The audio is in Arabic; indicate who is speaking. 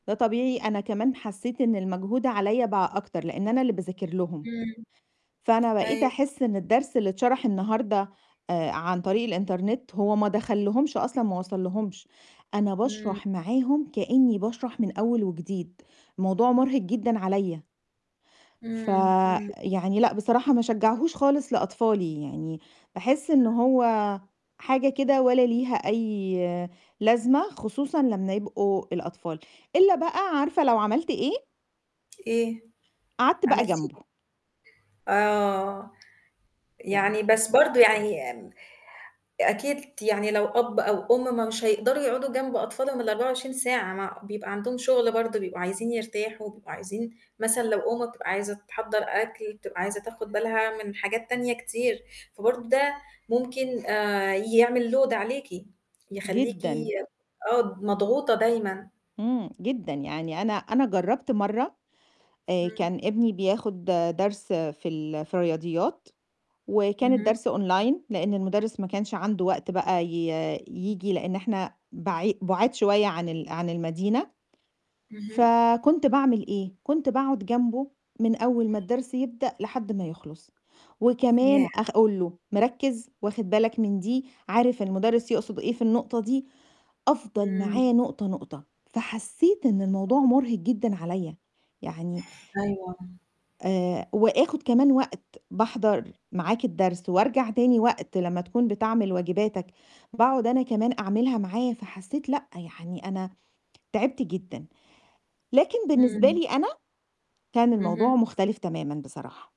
Speaker 1: ده طبيعي، أنا كمان حسّيت إن المجهود عليّا بقى أكتر لإن أنا اللي باذاكر لهم،
Speaker 2: إمم.
Speaker 1: فأنا بقيت
Speaker 2: أيو
Speaker 1: أحس إن الدرس اللي اتشرح النهارده آآ عن طريق الإنترنت هو ما دخلّهمش أصلًا، ما وصلّهمش، أنا
Speaker 2: إمم.
Speaker 1: باشرح معاهم كإنّي باشرح من أول وجديد، الموضوع مُرهِق جدًا عليّا. ف
Speaker 2: إمم، إمم.
Speaker 1: يعني لأ، بصراحة ما أشجّعهوش خالص لأطفالي، يعني باحس إن هو حاجة كده ولا ليها أي لازمة خصوصًا لمّا يبقوا الأطفال، إلّا بقى عارفة لو عملت إيه؟
Speaker 2: إيه،
Speaker 1: قعدت بقى
Speaker 2: عملتِ
Speaker 1: جنبه.
Speaker 2: إيه؟ آه،
Speaker 1: يعني
Speaker 2: يعني بس برضه يعني آمم أكيد ت يعني لو أب أو أُم مش هيقدروا يقعُدوا جنب أطفالهم ال24 ساعة، مع بيبقى عندهم شُغل برضه، بيبقوا عايزين يرتاحوا، بيبقوا عايزين مثلًا لو أُم بتبقى عايزة تحضّر أكل، بتبقى عايزة تاخُد بالها من حاجات تانية كتير، فبرضه ده ممكن آآ يعمل load عليكِ، يخلّيكِ
Speaker 1: جدًا.
Speaker 2: آه، ب مضغوطة دايمًا.
Speaker 1: إمم، جدًا، يعني أنا أنا جرّبت مرّة آآ
Speaker 2: إمم.
Speaker 1: كان ابني بياخُد درس في ال في الرياضيات وكان
Speaker 2: اهم.
Speaker 1: الدرس online، لإن المدرّس ما كانش عنده وقت بقى ي ييجي، لإن إحنا بعي بُعاد شوية عن ال عن المدينة،
Speaker 2: اهم.
Speaker 1: فكنت باعمل إيه، كنت باقعُد جنبه من أول ما الدرس يبدأ لحد ما يخلص، وكمان
Speaker 2: ياه!
Speaker 1: أقول له "مركّز، واخِد بالك من دي، عارف المدرّس يقصد إيه، في النقطة دي؟" أفضل
Speaker 2: إمم.
Speaker 1: معاه نقطة، نقطة، فحسّيت إن الموضوع مُرهِق جدًا عليّا، يعني
Speaker 2: أيوه، آه.
Speaker 1: آآ وآخُد كمان وقت باحضّر معاك الدرس وارجع تاني وقت لمّا تكون بتعمل واجباتِك، باقعُد أنا كمان أعملها معاه، فحسّيت لأ، يعني أنا تعبت جدًا، لكن بالنسبة
Speaker 2: إمم.
Speaker 1: لي أنا كان الموضوع
Speaker 2: اهم.
Speaker 1: مختلف تمامًا بصراحة.